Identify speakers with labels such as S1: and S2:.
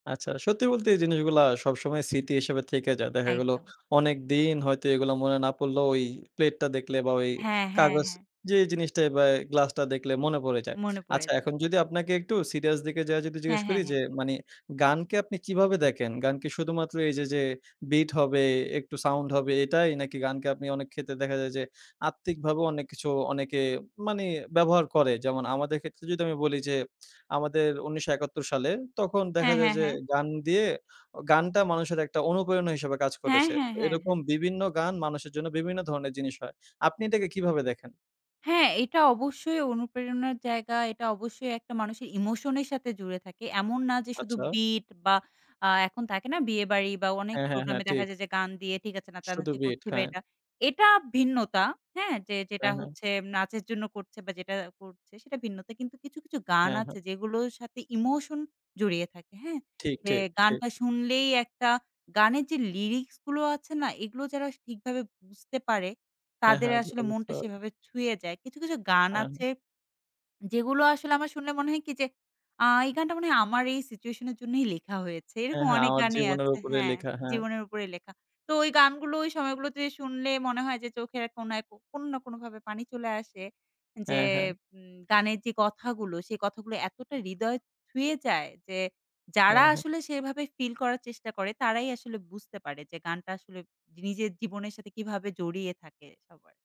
S1: আচ্ছা সত্যি বলতে এই জিনিসগুলা সবসময় স্মৃতি হিসেবে থেকে যায়। দেখা গেল,
S2: একদম।
S1: অনেকদিন হয়তো এগুলা মনে না পড়লেও ওই প্লেটটা দেখলে বা ওই
S2: হ্যাঁ, হ্যাঁ,
S1: কাগজ
S2: হ্যাঁ।
S1: যে জিনিসটা বা গ্লাসটা দেখলে মনে পড়ে যায়।
S2: মনে পড়ে
S1: আচ্ছা
S2: যায়।
S1: এখন যদি আপনাকে একটু সিরিয়াস দিকে যাইয়া যদি জিজ্ঞেস
S2: হ্যাঁ, হ্যাঁ,
S1: করি
S2: হ্যাঁ।
S1: যে মানি গানকে আপনি কিভাবে দেখেন? গানকে শুধুমাত্র এইযে যে bit হবে একটু সাউন্ড হবে এটাই? নাকি গানকে অনেক ক্ষেত্রে দেখা যায় যে আত্মিকভাবেও অনেক কিছু অনেকে মানি ব্যবহার করে, যেমন আমাদের ক্ষেত্রে যদি আমি বলি যে আমাদের ১৯৭১ সালে তখন দেখা
S2: হ্যাঁ,
S1: যায়
S2: হ্যাঁ,
S1: যে
S2: হ্যাঁ।
S1: গান দিয়ে অ গানটা মানুষের একটা অনুপ্রেরণা হিসেবে কাজ
S2: হ্যাঁ,
S1: করেছে।
S2: হ্যাঁ, হ্যাঁ,
S1: এরকম
S2: হ্যাঁ।
S1: বিভিন্ন গান মানুষের জন্য বিভিন্ন ধরণের জিনিস হয়। আপনি এটাকে কিভাবে দেখেন?
S2: হ্যাঁ, এটা অবশ্যই অনুপ্রেরণার জায়গা, এটা অবশ্যই একটা মানুষের emotion এর সাথে জুড়ে থাকে। এমন না যে শুধু
S1: আচ্ছা।
S2: bit বা আ এখন থাকে না বিয়েবাড়ি বা অনেক
S1: হ্যাঁ, হ্যাঁ,
S2: প্রোগ্রাম
S1: হ্যাঁ।
S2: এ দেখা
S1: ঠিক।
S2: যায় যে গান দিয়ে ঠিক আছে
S1: শুধু
S2: নাচানাচি
S1: বিট,
S2: করছি বা
S1: হ্যাঁ।
S2: এটা। এটা ভিন্নতা। হ্যাঁ? যে যেটা
S1: হ্যাঁ, হ্যাঁ।
S2: হচ্ছে নাচের জন্য বা যেটা করছে সেটা ভিন্নতা কিন্তু কিছু, কিছু গান
S1: হ্যাঁ,
S2: আছে
S1: হ্যাঁ।
S2: যেগুলোর সাথে emotion জড়িয়ে থাকে। হ্যাঁ?
S1: ঠিক,
S2: যে
S1: ঠিক, ঠিক।
S2: গানটা শুনলেই একটা গানের যে লিরিক্স গুলো আছে না? এগুলো যারা ঠিকভাবে বুঝতে পারে
S1: হ্যাঁ,
S2: তাদের
S1: হ্যাঁ।
S2: আসলে
S1: সেটা বুঝতে
S2: মনটা
S1: পারে
S2: সেভাবে ছুঁয়ে যায়। কিছু, কিছু গান
S1: হ্যাঁ।
S2: আছে, যেগুলো আসলে আমার শুনলে মনে হয় কি যে আ এই গানটা মনে হয় আমার এই সিচুয়েশনের জন্যই লেখা হয়েছে।
S1: হ্যাঁ,
S2: এরকম
S1: হ্যাঁ।
S2: অনেক
S1: আমার
S2: গানই
S1: জীবনের
S2: আছে
S1: উপরে
S2: হ্যাঁ,
S1: লেখা, হ্যাঁ।
S2: জীবনের উপরে লেখা তো ওই গানগুলো ওই সময়গুলোতে শুনলে মনে হয় যে চোখের কোণায় কোনো না কোনোভাবে পানি চলে আসে, যে
S1: হ্যাঁ, হ্যাঁ।
S2: উম গানের যে কথাগুলো সেই কথাগুলো এতটা হৃদয় ছুঁয়ে যায়। যে যারা
S1: হ্যাঁ, হ্যাঁ।
S2: আসলে সেভাবে ফিল করার চেষ্টা করে তারাই আসলে বুঝতে পারে যে গানটা আসলে নিজের জীবনের সাথে কীভাবে জড়িয়ে থাকে সবার।